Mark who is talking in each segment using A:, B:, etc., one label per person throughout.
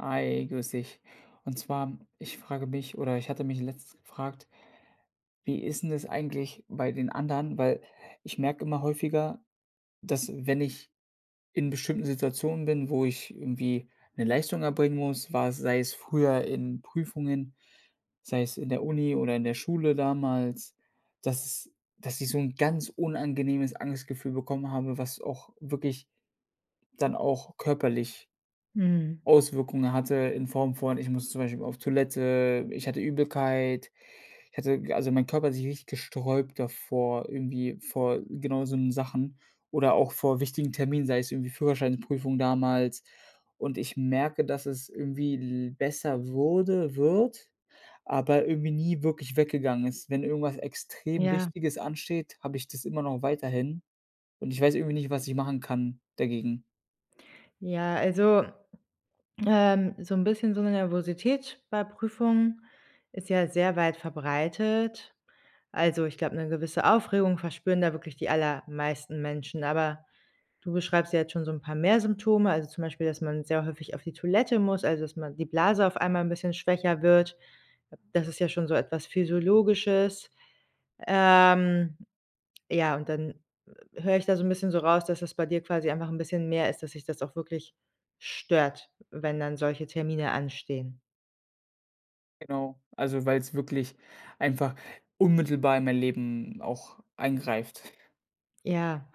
A: Hi, grüß dich. Und zwar, ich frage mich oder ich hatte mich letztens gefragt, wie ist 'n das eigentlich bei den anderen? Weil ich merke immer häufiger, dass, wenn ich in bestimmten Situationen bin, wo ich irgendwie 'ne Leistung erbringen muss, war es sei es früher in Prüfungen, sei es in der Uni oder in der Schule damals, dass s dass ich so 'n ganz unangenehmes Angstgefühl bekommen habe, was auch wirklich dann auch körperlich
B: Mhm.
A: Auswirkungen hatte in Form von: Ich muss zum Beispiel auf Toilette, ich hatte Übelkeit, ich hatte g also mein Körper hat sich richtig gesträubt davor, irgendwie vor genau so 'nen Sachen oder auch vor wichtigen Terminen, sei es irgendwie Führerscheinprüfung damals und ich merke, dass es irgendwie l besser wurde wird, aber irgendwie nie wirklich weggegangen ist. Wenn irgendwas extrem
B: Ja.
A: Wichtiges ansteht, habe ich das immer noch weiterhin, und ich weiß irgendwie nicht, was ich machen kann, dagegen.
B: Ja, also, ähm, so 'n bisschen so 'ne Nervosität bei Prüfungen ist ja sehr weit verbreitet. Also, ich glaube, 'ne gewisse Aufregung verspüren da wirklich die allermeisten Menschen, aber, du beschreibst ja jetzt schon so 'n paar mehr Symptome, also zum Beispiel, dass man sehr häufig auf die Toilette muss, also dass man die Blase auf einmal 'n bisschen schwächer wird. Das ist ja schon so etwas Physiologisches. Ähm, ja, und dann h höre ich da so 'n bisschen so raus, dass es bei dir quasi einfach 'n bisschen mehr ist, dass dich das auch wirklich stört, wenn dann solche Termine anstehen.
A: Genau, also weil's wirklich einfach unmittelbar in mein Leben auch eingreift.
B: Ja,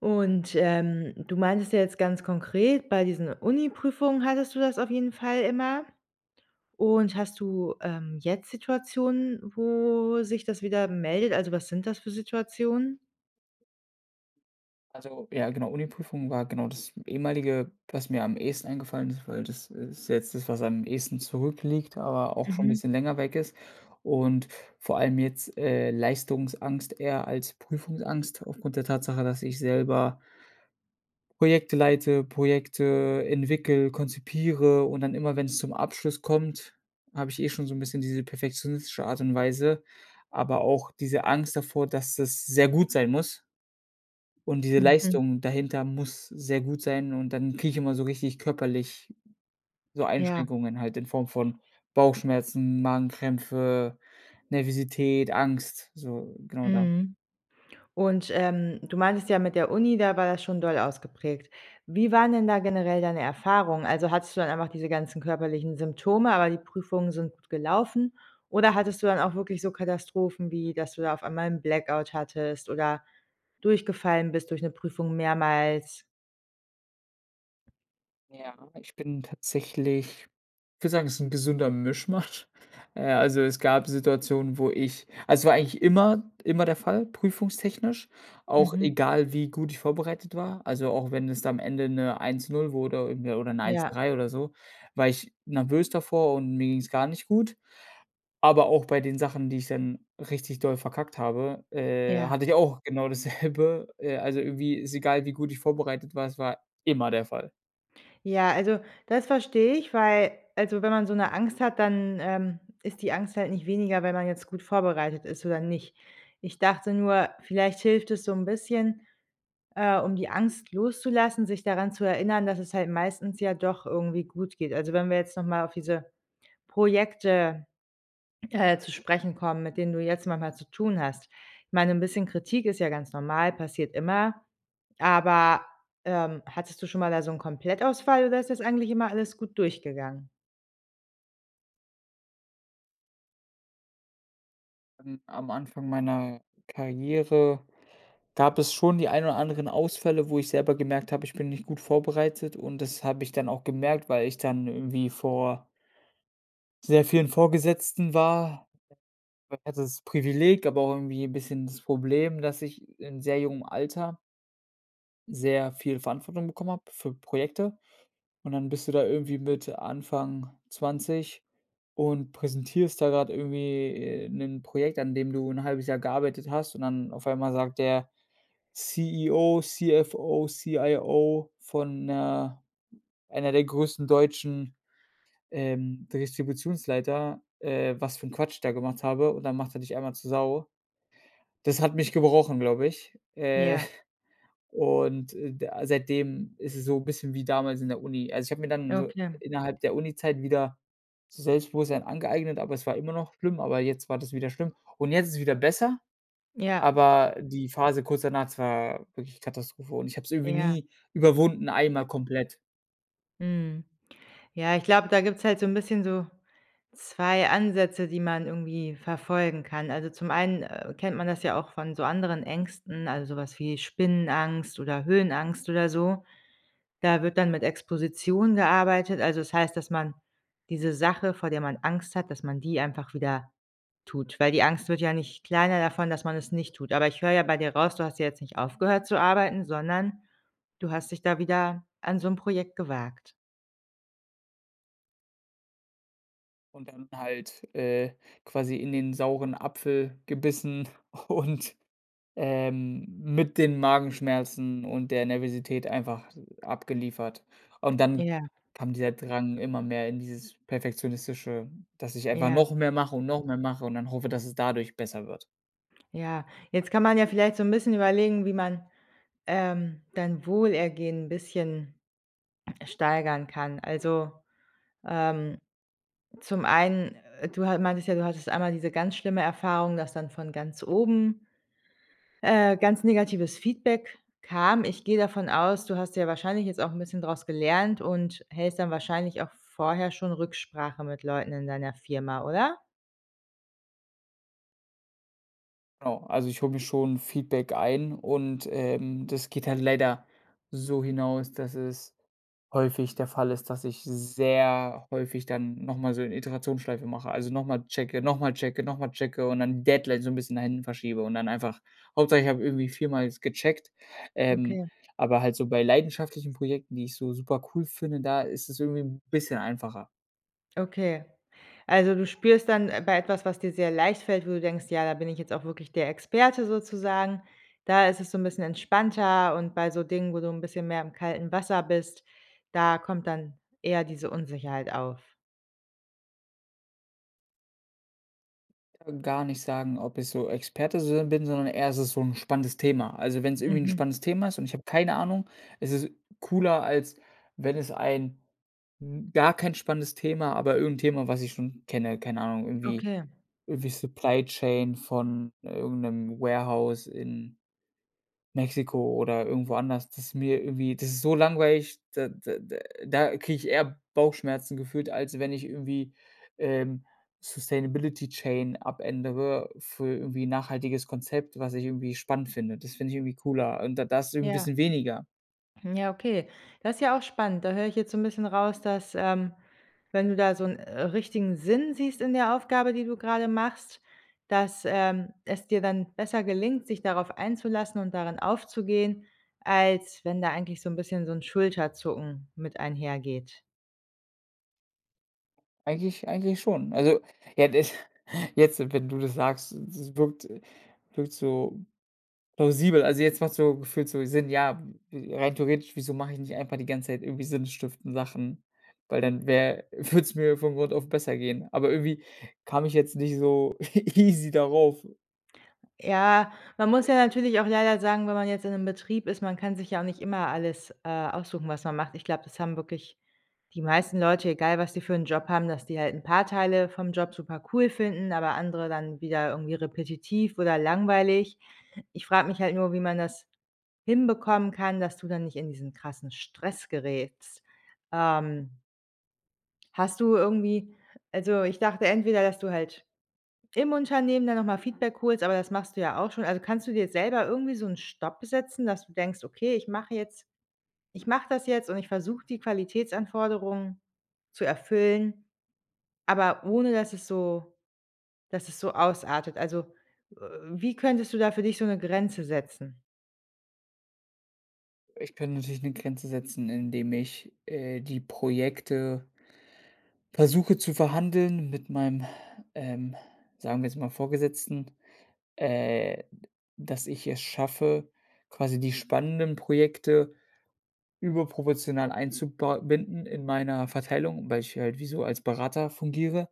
B: und, ähm, du meintest ja jetzt ganz konkret, bei diesen Uni-Prüfungen hattest du das auf jeden Fall immer. Und hast du, ähm, jetzt Situationen, wo sich das wieder meldet? Also, was sind das für Situationen?
A: Also ja genau, Uni-Prüfungen war genau das ehemalige, was mir am ehesten eingefallen ist, weil das ist jetzt das, was am ehesten zurückliegt, aber auch schon 'n
B: Mhm.
A: bisschen länger weg ist. Und vor allem jetzt, äh, Leistungsangst eher als Prüfungsangst aufgrund der Tatsache, dass ich selber Projekte leite, Projekte entwickle, konzipiere und dann immer, wenn's zum Abschluss kommt, habe ich eh schon so 'n bisschen diese perfektionistische Art und Weise, aber auch diese Angst davor, dass das sehr gut sein muss. Und diese
B: Mhm.
A: Leistung dahinter muss sehr gut sein und dann kriege ich immer so richtig körperlich so
B: Ja.
A: Einschränkungen halt in Form von Bauchschmerzen, Magenkrämpfe, Nervosität, Angst, so genau da
B: Mhm. Und, ähm, du meintest ja mit der Uni, da war das schon doll ausgeprägt. Wie waren denn da generell deine Erfahrungen? Also, hattest du dann einfach diese ganzen körperlichen Symptome, aber die Prüfungen sind gut gelaufen? Oder hattest du dann auch wirklich so Katastrophen wie, dass du da auf einmal 'n Blackout hattest oder durchgefallen bist durch 'ne Prüfung mehrmals?
A: Ja, ich bin tatsächlich ich würde sagen, es ist 'n gesunder Mischmasch. Äh, also es gab Situationen, wo ich also es war eigentlich immer immer der Fall, prüfungstechnisch, auch
B: Mhm.
A: egal, wie gut ich vorbereitet war. Also, auch wenn es da am Ende 'ne 1.0 wurde irgendwie oder 'ne eins
B: Ja
A: drei oder so, war ich nervös davor und mir ging's gar nicht gut. Aber auch bei den Sachen, die ich dann richtig doll verkackt habe, äh,
B: Ja.
A: hatte ich auch genau dasselbe äh, also irgendwie, ist egal, wie gut ich vorbereitet war, es war immer der Fall.
B: Ja, also das verstehe ich, weil also wenn man so 'ne Angst hat, dann, ähm, ist die Angst halt nicht weniger, wenn man jetzt gut vorbereitet ist oder nicht. Ich dachte nur, vielleicht hilft es so 'n bisschen, äh, um die Angst loszulassen, sich daran zu erinnern, dass es halt meistens ja doch irgendwie gut geht. Also, wenn wir jetzt noch mal auf diese Projekte, äh, zu sprechen kommen, mit denen du jetzt manchmal zu tun hast. Ich meine 'n bisschen Kritik ist ja ganz normal, passiert immer, aber, ähm, hattest du schon mal da so 'n Komplettausfall oder ist das eigentlich immer alles gut durchgegangen?
A: Am am Anfang meiner Karriere gab es schon die ein oder anderen Ausfälle, wo ich selber gemerkt habe, ich bin nicht gut vorbereitet und das habe ich dann auch gemerkt, weil ich dann irgendwie vor sehr vielen Vorgesetzten war. Ich hatte das Privileg, aber auch irgendwie 'n bisschen das Problem, dass ich in sehr jungem Alter sehr viel Verantwortung bekommen habe für Projekte und dann bist du da irgendwie mit Anfang 20 und präsentierst da grad irgendwie, äh, 'nen Projekt, an dem du 1/2 Jahr gearbeitet hast und dann auf einmal sagt der CEO, CFO, CIO von 'ner einer der größten deutschen, ähm, Distributionsleiter, äh, was für 'n Quatsch ich da gemacht habe und dann macht er dich einmal zu Sau. Das hat mich gebrochen, glaube ich. Äh,
B: Ja.
A: und, äh, da seitdem ist es so bisschen wie damals in der Uni. Also, ich habe mir dann so
B: Okay.
A: innerhalb der Uni-Zeit wieder so Selbstbewusstsein angeeignet, aber es war immer noch schlimm, aber jetzt war das wieder schlimm. Und jetzt ist es wieder besser,
B: Ja.
A: aber die Phase kurz danach, das war wirklich Katastrophe. Und ich habe es irgendwie
B: Ja.
A: nie überwunden, einmal komplett.
B: Mhm. Ja, ich glaube, da gibt's halt so 'n bisschen so 2 Ansätze, die man irgendwie verfolgen kann. Also, zum einen, äh, kennt man das ja auch von so anderen Ängsten, also, so was wie Spinnenangst oder Höhenangst oder so. Da wird dann mit Exposition gearbeitet. Also, es heißt, dass man diese Sache, vor der man Angst hat, dass man die einfach wieder tut, weil die Angst wird ja nicht kleiner davon, dass man es nicht tut. Aber ich höre ja bei dir raus, du hast ja jetzt nicht aufgehört zu arbeiten, sondern du hast dich da wieder an so 'n Projekt gewagt.
A: Und dann halt, äh, quasi in den sauren Apfel gebissen und ähm, mit den Magenschmerzen und der Nervosität einfach, äh, abgeliefert. Und dann
B: Ja.
A: kam dieser Drang immer mehr in dieses Perfektionistische, dass ich einfach
B: Ja.
A: noch mehr mache und noch mehr mache und dann hoffe, dass es dadurch besser wird.
B: Ja, jetzt kann man ja vielleicht so 'n bisschen überlegen, wie man, ähm, dein Wohlergehen bisschen steigern kann. Also, ähm, zum einen, äh, du ha meintest ja, du hattest einmal diese ganz schlimme Erfahrung, dass dann von ganz oben, äh, ganz negatives Feedback kam. Ich gehe davon aus, du hast ja wahrscheinlich jetzt auch 'n bisschen draus gelernt und hältst dann wahrscheinlich auch vorher schon Rücksprache mit Leuten in deiner Firma, oder?
A: Genau. Also, ich hole mir schon Feedback ein und, ähm, das geht dann leider so hinaus, dass es häufig der Fall ist, dass ich sehr häufig dann noch mal so 'ne Iterationsschleife mache. Also, noch mal checke, noch mal checke, noch mal checke und dann Deadlines so 'n bisschen nach hinten verschiebe und dann einfach Hauptsache ich habe irgendwie viermal jetzt gecheckt, ähm,
B: Okay.
A: aber halt so bei leidenschaftlichen Projekten, die ich so super cool finde, da ist es irgendwie 'n bisschen einfacher.
B: Okay. Also du spürst dann, äh, bei etwas, was dir sehr leicht fällt, wo du denkst, ja, da bin ich jetzt auch wirklich der Experte sozusagen, da ist es so 'n bisschen entspannter und bei so Dingen, wo du 'n bisschen mehr im kalten Wasser bist, da kommt dann eher diese Unsicherheit auf.
A: [unintelligible] Gar nicht sagen, ob ich so Experte sin bin, sondern eher, es ist so 'n spannendes Thema. Also, wenn's irgendwie 'n
B: Mhm.
A: spannendes Thema ist und ich habe keine Ahnung, es ist cooler, als wenn es ein 'n gar kein spannendes Thema, aber irgend 'n Thema, was ich schon kenne keine Ahnung, irgendwie
B: Okay.
A: irgendwie Supply Chain von irgend 'nem Warehouse in Mexiko oder irgendwo anders, das ist mir irgendwie das ist so langweilig, da da da da kriege ich eher Bauchschmerzen gefühlt, als wenn ich irgendwie, ähm, Sustainability Chain abändere für irgendwie 'n nachhaltiges Konzept, was ich irgendwie spannend finde. Das finde ich irgendwie cooler und da da ist es 'n
B: Ja.
A: bisschen weniger.
B: Hm, ja, okay. Das ist ja auch spannend. Da höre ich jetzt so 'n bisschen raus, dass, ähm, wenn du da so 'n, äh, richtigen Sinn siehst in der Aufgabe, die du grade machst, dass, ähm, es dir dann besser gelingt, dich darauf einzulassen und darin aufzugehen, als wenn da eigentlich so 'n bisschen so 'n Schulterzucken mit einhergeht.
A: Eigentlich eigentlich schon. Also, ja, das jetzt, wenn du das sagst, es wirkt wirkt so plausibel. Also, jetzt macht so, gefühlt so Sinn. Ja, äh, rein theoretisch, wieso mache ich nicht einfach die ganze Zeit irgendwie sinnstiftende Sachen, weil dann wäre würde es mir von Grund auf besser gehen. Aber irgendwie kam ich jetzt nicht so easy darauf.
B: Ja, man muss ja natürlich auch leider sagen, wenn man jetzt in 'nem Betrieb ist, man kann sich ja auch nicht immer alles, äh, aussuchen, was man macht. Ich glaube, das haben wirklich die meisten Leute, egal was sie für 'n Job haben, dass die halt 'n paar Teile vom Job supercool finden, aber andere dann wieder irgendwie repetitiv oder langweilig. Ich frage mich halt nur, wie man das hinbekommen kann, dass du dann nicht in diesen krassen Stress gerätst. Ähm hast du irgendwie also, ich dachte entweder, dass du halt im Unternehmen dann noch mal Feedback holst, aber das machst du ja auch schon. Also, kannst du dir selber irgendwie so 'n Stopp setzen, dass du denkst: „Okay, ich mache jetzt ich mache das jetzt und ich versuche die Qualitätsanforderungen zu erfüllen, aber ohne dass es so dass es so ausartet“? Also, äh, wie könntest du da für dich so 'ne Grenze setzen?
A: Ich kann natürlich 'ne Grenze setzen, indem ich, äh, die Projekte versuche zu verhandeln mit meinem, ähm, sagen wir jetzt mal Vorgesetzten, äh, d dass ich es schaffe, quasi die spannenden Projekte überproportional einzuba binden in meiner Verteilung, weil ich halt wie so als Berater fungiere.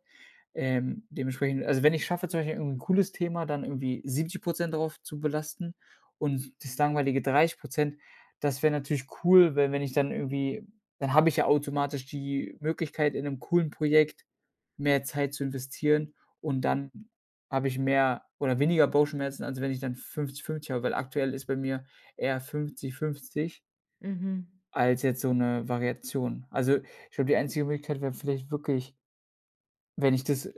A: Ähm, dementsprechend also, wenn ich schaffe zum Beispiel irgendwie 'n cooles Thema, dann irgendwie 70 % drauf zu belasten und das langweilige 30 %, das wäre natürlich cool, weil wenn ich dann irgendwie dann habe ich ja automatisch die Möglichkeit, in 'nem coolen Projekt mehr Zeit zu investieren und dann habe ich mehr oder weniger Bauchschmerzen, als wenn ich dann 50, 50 habe, weil aktuell ist bei mir eher 50, 50
B: Mhm.
A: als jetzt so 'ne Variation. Also, ich glaube, die einzige Möglichkeit wäre vielleicht wirklich wenn ich das, äh,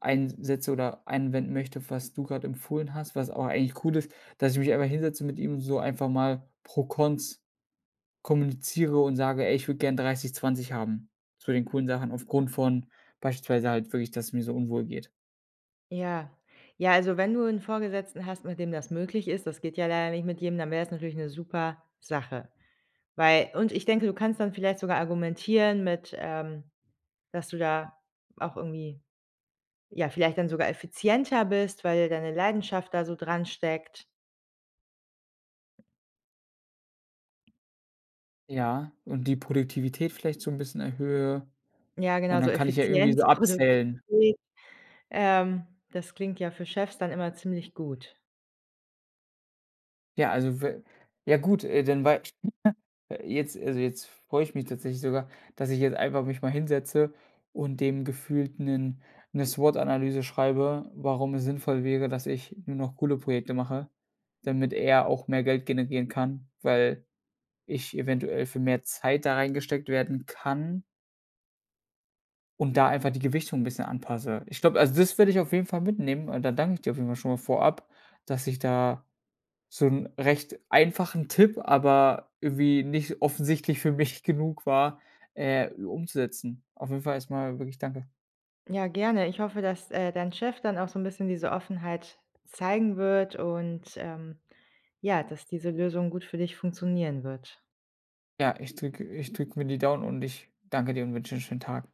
A: eins setze oder anwenden möchte, was du grade empfohlen hast, was auch eigentlich cool ist, dass ich mich einfach hinsetze mit ihm, so einfach mal Pro-Cons kommuniziere und sage: „Ey, ich würde gerne 30, 20 haben, zu den coolen Sachen. Aufgrund von beispielsweise halt wirklich, dass es mir so unwohl geht."
B: Ja. Ja, also, wenn du 'n Vorgesetzten hast, mit dem das möglich ist- das geht ja leider nicht mit jedem- dann wär's natürlich 'ne super Sache. Weil und ich denke, du kannst dann vielleicht sogar argumentieren mit, ähm dass du da auch irgendwie, ja, vielleicht dann sogar effizienter bist, weil deine Leidenschaft da so dransteckt.
A: Ja, und die Produktivität vielleicht so 'n bisschen erhöhe,
B: Ja, genau,
A: und
B: so
A: dann kann ich ja irgendwie so
B: Effizienz,
A: abzählen.
B: Produktivität, ähm, das klingt ja für Chefs dann immer ziemlich gut.
A: Ja, also, we ja, gut, äh, dann wei [unintelligible] jetzt also, jetzt freue ich mich tatsächlich sogar, dass ich jetzt einfach mich mal hinsetze und dem gefühlt 'nen 'ne SWOT-Analyse schreibe, warum es sinnvoll wäre, dass ich nur noch coole Projekte mache, damit er auch mehr Geld generieren kann, weil ich eventuell für mehr Zeit da reingesteckt werden kann und da einfach die Gewichtung 'n bisschen anpasse. Ich glaube also, das würde ich auf jeden Fall mitnehmen, und dann danke ich dir auf jeden Fall schon mal vorab, dass ich da so 'n recht einfachen Tipp, aber irgendwie nicht offensichtlich für mich genug war, äh, umzusetzen. Auf jeden Fall erstmal wirklich danke.
B: Ja, gerne. Ich hoffe, dass, äh, dein Chef dann auch so 'n bisschen diese Offenheit zeigen wird und, ähm, ja, dass diese Lösung gut für dich funktionieren wird.
A: Ja, ich drücke ich drücke mir die Daumen und ich danke dir und wünsche dir 'n schönen Tag.